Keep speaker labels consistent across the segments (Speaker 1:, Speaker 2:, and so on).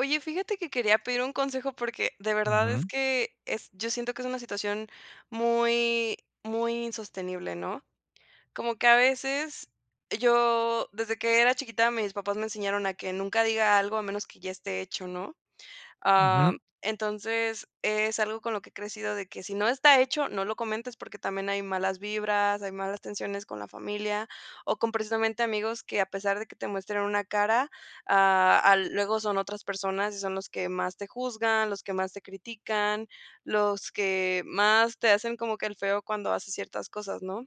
Speaker 1: Oye, fíjate que quería pedir un consejo porque de verdad es
Speaker 2: Ujú.
Speaker 1: que es yo siento que es una situación muy muy insostenible, ¿no?, como que a veces yo desde que era chiquita, mis papás me enseñaron a que nunca diga algo a menos que ya esté hecho, ¿no?, am,
Speaker 2: Ujú.
Speaker 1: entonces es algo con lo que he crecido, de que si no está hecho no lo comentes porque también hay malas vibras, hay malas tensiones con la familia o con precisamente amigos que, a pesar de que te muestren una cara, ah, al luego son otras personas y son los que más te juzgan, los que más te critican, los que más te hacen como que el feo cuando haces ciertas cosas, ¿no?,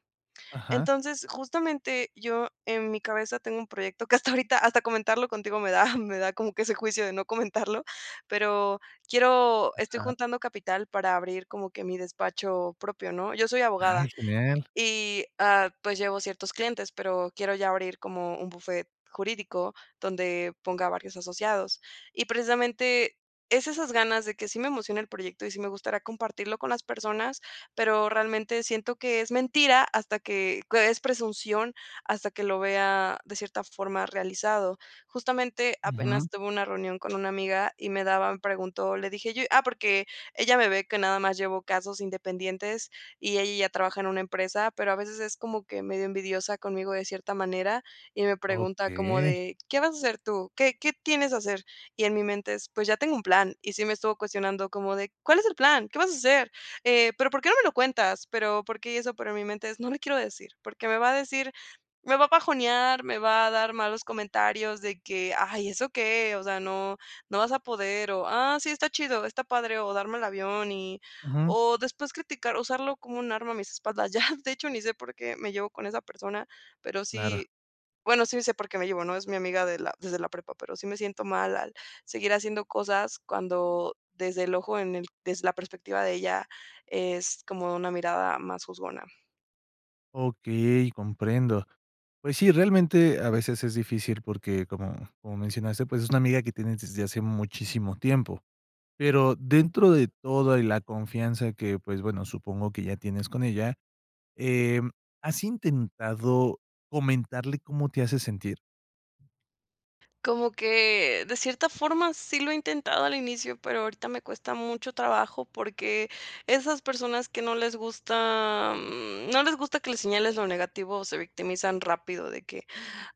Speaker 2: Ajá.
Speaker 1: entonces justamente yo en mi cabeza tengo un proyecto que, hasta ahorita hasta comentarlo contigo me da me da como que ese juicio de no comentarlo pero quiero estoy
Speaker 2: Ajá.
Speaker 1: juntando capital para abrir como que mi despacho propio, ¿no?, yo soy
Speaker 2: Ay,
Speaker 1: abogada,
Speaker 2: genial.
Speaker 1: y ah, pues llevo ciertos clientes, pero quiero ya abrir como un bufete jurídico donde ponga varios asociados y precisamente es esas ganas de que sí me emociona el proyecto y sí me gustaría compartirlo con las personas, pero realmente siento que es mentira hasta que es presunción hasta que lo vea de cierta forma realizado justamente, apenas
Speaker 2: Ujú.
Speaker 1: tuve una reunión con una amiga y me daban preguntó, le dije yo ah, porque ella me ve que nada más llevo casos independientes y ella ya trabaja en una empresa, pero a veces es como que medio envidiosa conmigo de cierta manera y me pregunta como
Speaker 2: Okey.
Speaker 1: de: "¿Qué vas a hacer tú?, ¿qué qué tienes a hacer?", y en mi mente es: "Pues ya tengo un plan," y sí me estuvo cuestionando como de: "¿Cuál es el plan?, ¿qué vas a hacer?, eh, pero ¿por qué no me lo cuentas?", pero porque eso pero en mi mente no le quiero decir porque me va a decir me va a bajonear, me va a dar malos comentarios de que: "Ay, ¿eso qué?, o sea, no, no vas a poder", o, "Ah, sí, está chido, está padre", o darme el avión y
Speaker 2: Ujú.
Speaker 1: o después criticar usarlo como un arma a mis espaldas ya de hecho ni sé por qué me llevo con esa persona, pero
Speaker 2: Claro.
Speaker 1: sí bueno, sí sé por qué me llevo, ¿no?, es mi amiga desde la prepa, pero sí me siento mal al seguir haciendo cosas cuando, desde el ojo, en el desde la perspectiva de ella, es como una mirada más juzgona.
Speaker 2: Okey, comprendo. Pues sí, realmente a veces es difícil porque como como mencionaste, pues, es una amiga que tienes desde hace muchísimo tiempo. Pero dentro de todo y la confianza que, pues, bueno, supongo que ya tienes con ella, em, ¿has intentado comentarle cómo te hace sentir?
Speaker 1: Como que de cierta forma, sí lo he intentado al inicio, pero ahorita me cuesta mucho trabajo porque esas personas que no les gusta, am, no les gusta que le señales lo negativo se victimizan rápido de que: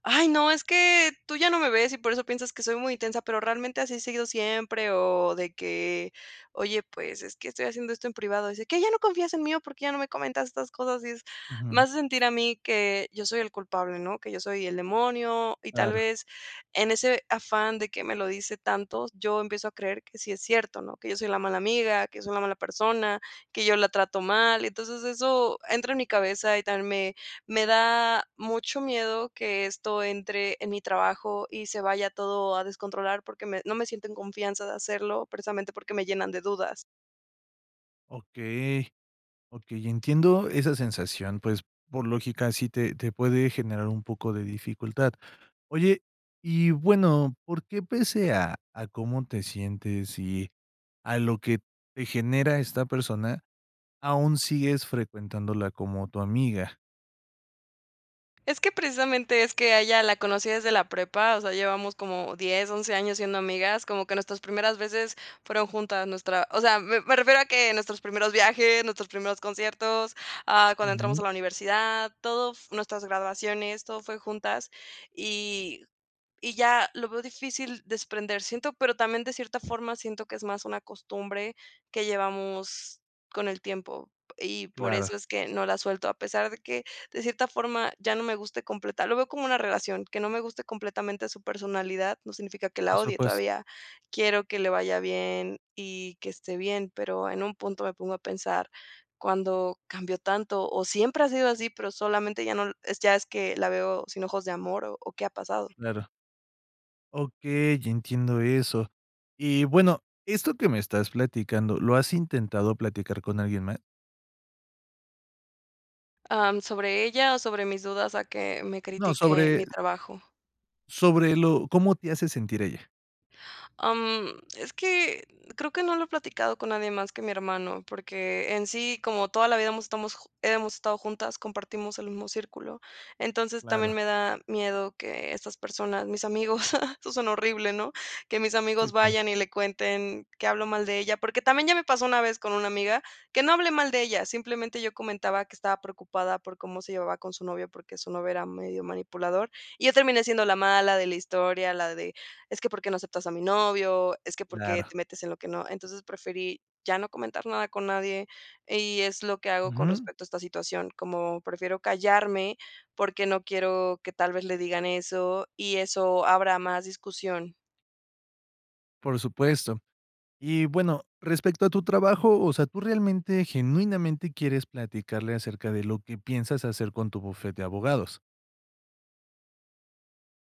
Speaker 1: "Ay, no, es que tú ya no me ves y por eso piensas que soy muy intensa, pero realmente así he sido siempre", o de que: "Oye, pues, es que estoy haciendo esto en privado", dice: "¿Qué ya no confías en mí o por qué ya no me comentas estas cosas?", y es me
Speaker 2: Ajá.
Speaker 1: hace sentir a mí que yo soy el culpable, ¿no?, que yo soy el demonio y, tal
Speaker 2: Claro.
Speaker 1: vez en ese afán de que me lo dice tanto, yo empiezo a creer que sí es cierto, ¿no?, que yo soy la mala amiga, que yo soy la mala persona, que yo la trato mal. Entonces eso entra en mi cabeza y también me me da mucho miedo que esto entre en mi trabajo y se vaya todo a descontrolar porque me no me siento en confianza de hacerlo, precisamente porque me llenan de dudas.
Speaker 2: Okey. Okey, entiendo esa sensación. Pues, por lógica, sí te te puede generar un poco de dificultad. Oye, y bueno, ¿por qué pese a a cómo te sientes y, a lo que te genera esta persona, aún sigues frecuentándola como tu amiga?
Speaker 1: Es que precisamente, es que a ella la conocí desde la prepa, o sea, llevamos como 10, 11 años siendo amigas. Como que nuestras primeras veces, fueron juntas. Nuestra O sea, me me refiero a que, nuestros primeros viajes, nuestros primeros conciertos, ah, cuando entramos a
Speaker 2: Ujú.
Speaker 1: la universidad, todo f Nuestras graduaciones, todo fue juntas, y y ya lo veo difícil desprender. Siento Pero también, de cierta forma, siento que es más una costumbre, que llevamos con el tiempo. Y por
Speaker 2: Claro.
Speaker 1: eso es que no la suelto, a pesar de que, de cierta forma, ya no me guste completa Lo veo como una relación. Que no me guste completamente su personalidad, no significa que la
Speaker 2: Por
Speaker 1: odie.
Speaker 2: supuesto.
Speaker 1: Todavía quiero que le vaya bien, y que esté bien. Pero, en un punto me pongo a pensar, ¿cuándo cambió tanto? O, ¿siempre ha sido así? Pero solamente ya no l Ya es que, la veo sin ojos de amor, o o, ¿qué ha pasado?
Speaker 2: Claro. Okey, ya entiendo eso. Y bueno, esto que me estás platicando, ¿lo has intentado platicar con alguien más?
Speaker 1: Am, ¿sobre ella, o sobre mis dudas a que me
Speaker 2: No,
Speaker 1: critique
Speaker 2: sobre
Speaker 1: mi trabajo?
Speaker 2: sobre lo ¿Cómo te hace sentir ella?
Speaker 1: Am, es que, creo que no lo he platicado con nadie más que mi hermano, porque en sí, como toda la vida hemos estamos hemos estado juntas, compartimos el mismo círculo. Entonces también
Speaker 2: Claro.
Speaker 1: me da miedo, que estas personas, mis amigos. Eso sonó horrible, ¿no? Que mis
Speaker 2: Sí,
Speaker 1: amigos,
Speaker 2: [unintelligible]
Speaker 1: vayan y le cuenten que hablo mal de ella. Porque también ya me pasó una vez, con una amiga, que no hablé mal de ella, simplemente, yo comentaba que estaba preocupada por cómo se llevaba con su novio, porque su novio era medio manipulador. Y yo terminé siendo la mala de la historia, la de: "Es que, ¿por qué no aceptas a mi novio? Es que, ¿por qué
Speaker 2: Claro.
Speaker 1: te metes en lo que no". Entonces, preferí ya no comentar nada con nadie. Y es lo que hago, con
Speaker 2: Ujú.
Speaker 1: respecto a esta situación, como prefiero callarme, porque no quiero que tal vez le digan eso, y eso habrá más discusión.
Speaker 2: Por supuesto. Y bueno, respecto a tu trabajo, o sea, tú realmente, genuinamente, quieres platicarle acerca de lo que piensas hacer con tu bufete de abogados.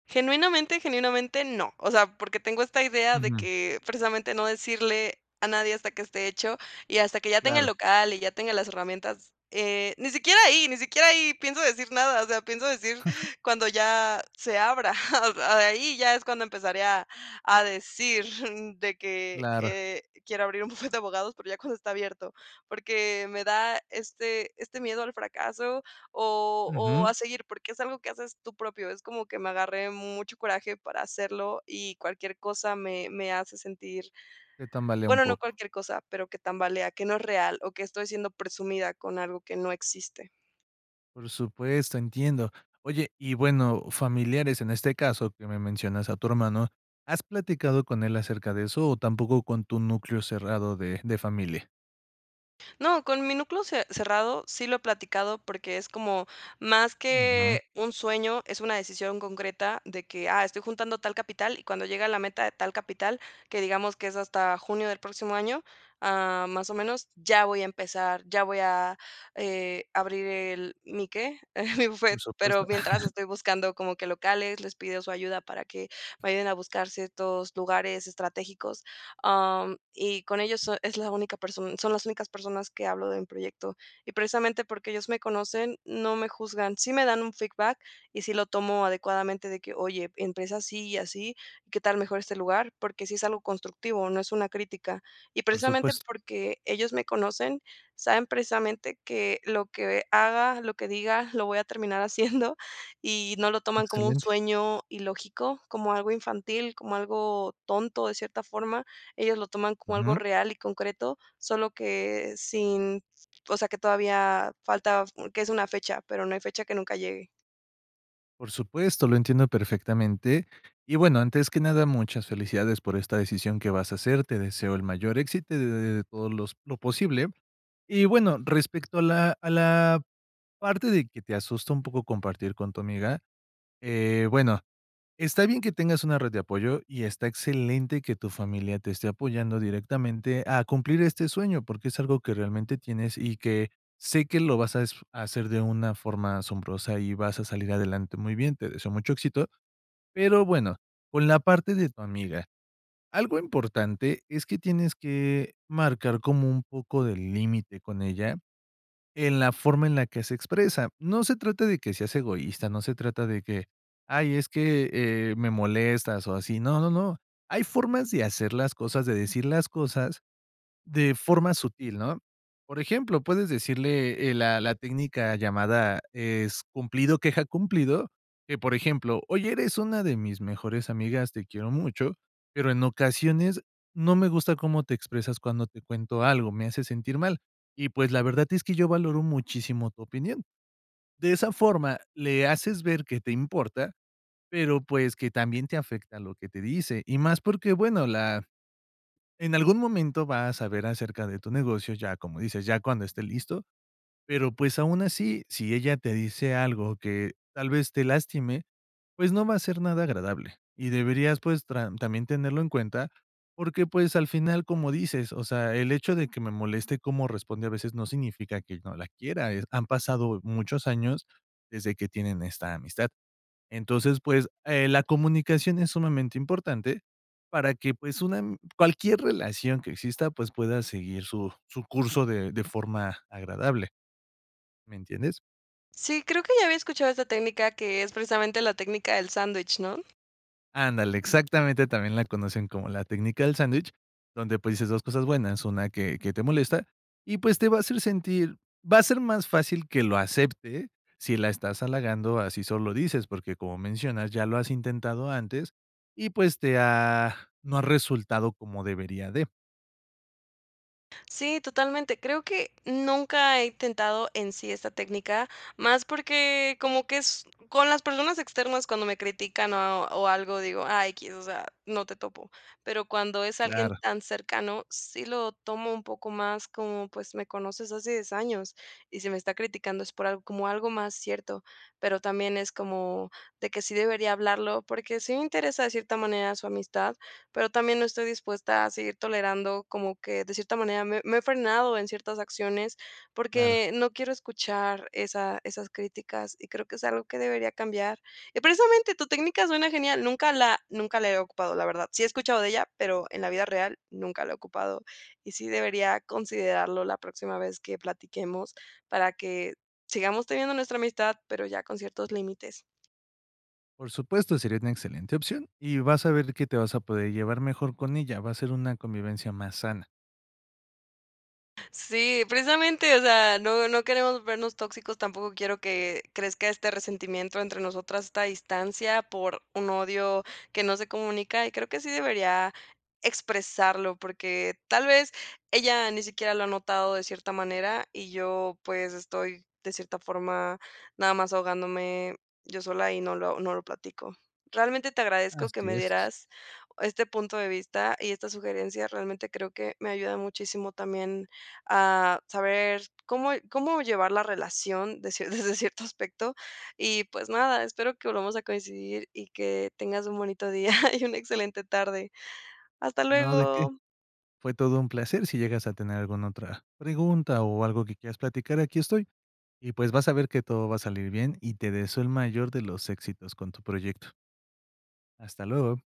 Speaker 1: Genuinamente, genuinamente no, o sea, porque tengo esta idea de
Speaker 2: Ujú.
Speaker 1: que precisamente no decirle a nadie hasta que esté hecho y hasta que ya tenga el
Speaker 2: Claro.
Speaker 1: local y ya tenga las herramientas, eh, ni siquiera ahí ni siquiera ahí pienso decir nada, o sea, pienso decir cuando ya se abra ahí ya es cuando empezaré a a decir de que:
Speaker 2: Claro.
Speaker 1: "Eh, quiero abrir un bufete de abogados", pero ya cuando está abierto porque me da este este miedo al fracaso o o
Speaker 2: Ujú.
Speaker 1: a seguir porque es algo que haces tú propio, es como que me agarré de mucho coraje para hacerlo y cualquier cosa me me hace sentir
Speaker 2: Que tambalea un
Speaker 1: bueno, no
Speaker 2: poco.
Speaker 1: cualquier cosa, pero que tambalea que no es real o que estoy siendo presumida con algo que no existe.
Speaker 2: Por supuesto, entiendo. Oye, y bueno, familiares en este caso que me mencionas a tu hermano, ¿has platicado con él acerca de eso o tampoco con tu núcleo cerrado de de familia?
Speaker 1: No, con mi núcleo ce cerrado, sí lo he platicado porque es como más
Speaker 2: Ujú.
Speaker 1: que un sueño, es una decisión concreta de que: "Ah, estoy juntando tal capital", y cuando llegue a la meta de tal capital que digamos que es hasta junio del próximo año, ah, más o menos, ya voy a empezar, ya voy a, eh, abrir el ¿mi que?, mi
Speaker 2: Por
Speaker 1: bufete, pero
Speaker 2: supuesto.
Speaker 1: mientras estoy buscando como que locales, les pido su ayuda para que me ayuden a buscar ciertos lugares estratégicos, am, y con ellos es la única person son las únicas personas que hablo de un proyecto y precisamente porque ellos me conocen, no me juzgan, si me dan un feedback y sí lo tomo adecuadamente de que: "Oye, empieza así y así, ¿qué tal mejor este lugar?", porque sí es algo constructivo, no es una crítica y
Speaker 2: Por
Speaker 1: precisamente
Speaker 2: supuesto.
Speaker 1: porque ellos me conocen, saben precisamente que lo que haga, lo que diga, lo voy a terminar haciendo y no lo toman como un
Speaker 2: Excelente.
Speaker 1: sueño ilógico, como algo infantil, como algo tonto de cierta forma, ellos lo toman como algo
Speaker 2: Ujú.
Speaker 1: real y concreto. Solo que sin o sea, que todavía falta, que es una fecha, pero no hay fecha que nunca llegue.
Speaker 2: Por supuesto, lo entiendo perfectamente. Y, bueno, antes que nada, muchas felicidades por esta decisión que vas a hacer. Te deseo el mayor éxito y de de todo los lo posible y, bueno, respecto a la a la parte de que te asusta un poco compartir con tu amiga, eh, bueno. Está bien que tengas una red de apoyo y está excelente que tu familia te esté apoyando directamente a cumplir este sueño, porque es algo que realmente tienes y que sé que lo vas a disf a hacer de una forma asombrosa y vas a salir adelante. Muy bien, te deseo mucho éxito. Pero, bueno, con la parte de tu amiga, algo importante es que tienes que marcar como un poco de límite con ella en la forma en la que se expresa. No se trata de que seas egoísta, no se trata de que: "Ay, es que, eh, me molestas", o así. No, no, no, hay formas de hacer las cosas, de decir las cosas de forma sutil, ¿no? Por ejemplo, puedes decirle, eh, la la técnica llamada es cumplido, queja, cumplido, que, por ejemplo: "Oye, eres una de mis mejores amigas, te quiero mucho, pero en ocasiones no me gusta cómo te expresas cuando te cuento algo, me hace sentir mal, y, pues, la verdad es que yo valoro muchísimo tu opinión". De esa forma le haces ver que te importa, pero, pues, que también te afecta lo que te dice, y más porque, bueno, la en algún momento va a saber acerca de tu negocio, ya, como dices, ya cuando esté listo, pero, pues, aun así, si ella te dice algo que tal vez te lastime, pues no va a ser nada agradable y deberías, pues, tran también tenerlo en cuenta porque, pues, al final, como dices, o sea, el hecho de que me moleste cómo responde a veces no significa que no la quiera, eh, han pasado muchos años desde que tienen esta amistad. Entonces, pues, eh, la comunicación es sumamente importante para que, pues, una ami cualquier relación que exista, pues, pueda seguir su su curso de de forma agradable. ¿Me entiendes?
Speaker 1: Sí, creo que ya había escuchado esa técnica que es precisamente la técnica del sándwich, ¿no?
Speaker 2: Ándale, exactamente, también la conocen como la técnica del sándwich, donde, pues, dices dos cosas buenas, una que que te molesta, y, pues, te va a hacer sentir va a ser más fácil que lo acepte si la estás halagando, a si solo lo dices porque, como mencionas, ya lo has intentado antes y, pues, te ha no ha resultado como debería de.
Speaker 1: Sí, totalmente, creo que nunca he intentado en sí esa técnica, más porque como que es con las personas externas cuando me critican o o algo, digo: "Ah, X", o sea, "No te topo", pero cuando es alguien
Speaker 2: Claro
Speaker 1: tan cercano sí lo tomo un poco más como: "Pues me conoces hace 10 años y si me está criticando es por al como algo más cierto", pero también es como de que sí debería hablarlo porque sí me interesa de cierta manera su amistad, pero también no estoy dispuesta a seguir tolerando como que de cierta manera me me he frenado en ciertas acciones
Speaker 2: Claro.
Speaker 1: porque no quiero escuchar esa esas críticas y creo que es algo que debería cambiar, y precisamente tu técnica suena genial, nunca la nunca la he ocupado, la verdad, sí he escuchado de ella, pero en la vida real nunca la he ocupado y sí debería considerarlo la próxima vez que platiquemos para que sigamos teniendo nuestra amistad, pero ya con ciertos límites.
Speaker 2: Por supuesto, sería una excelente opción y vas a ver que te vas a poder llevar mejor con ella. Va a ser una convivencia más sana.
Speaker 1: Sí, precisamente, o sea, no, no queremos vernos tóxicos, tampoco quiero que crezca este resentimiento entre nosotras, esta distancia por un odio que no se comunica, y creo que sí debería expresarlo, porque tal vez ella ni siquiera lo ha notado de cierta manera y yo, pues, estoy de cierta forma, nada más ahogándome yo sola y no lo no lo platico. Realmente te agradezco que
Speaker 2: Así
Speaker 1: me
Speaker 2: es.
Speaker 1: dieras este punto de vista y esta sugerencia, realmente creo que me ayuda muchísimo también a saber cómo cómo llevar la relación de cie desde cierto aspecto y, pues nada, espero que volvamos a coincidir y que tengas un bonito día y una excelente tarde. Hasta
Speaker 2: No, ¿de qué?
Speaker 1: luego.
Speaker 2: Fue todo un placer si llegas a tener alguna otra pregunta o algo que quieras platicar, aquí estoy. Y pues vas a ver que todo va a salir bien y te deseo el mayor de los éxitos con tu proyecto. Hasta luego.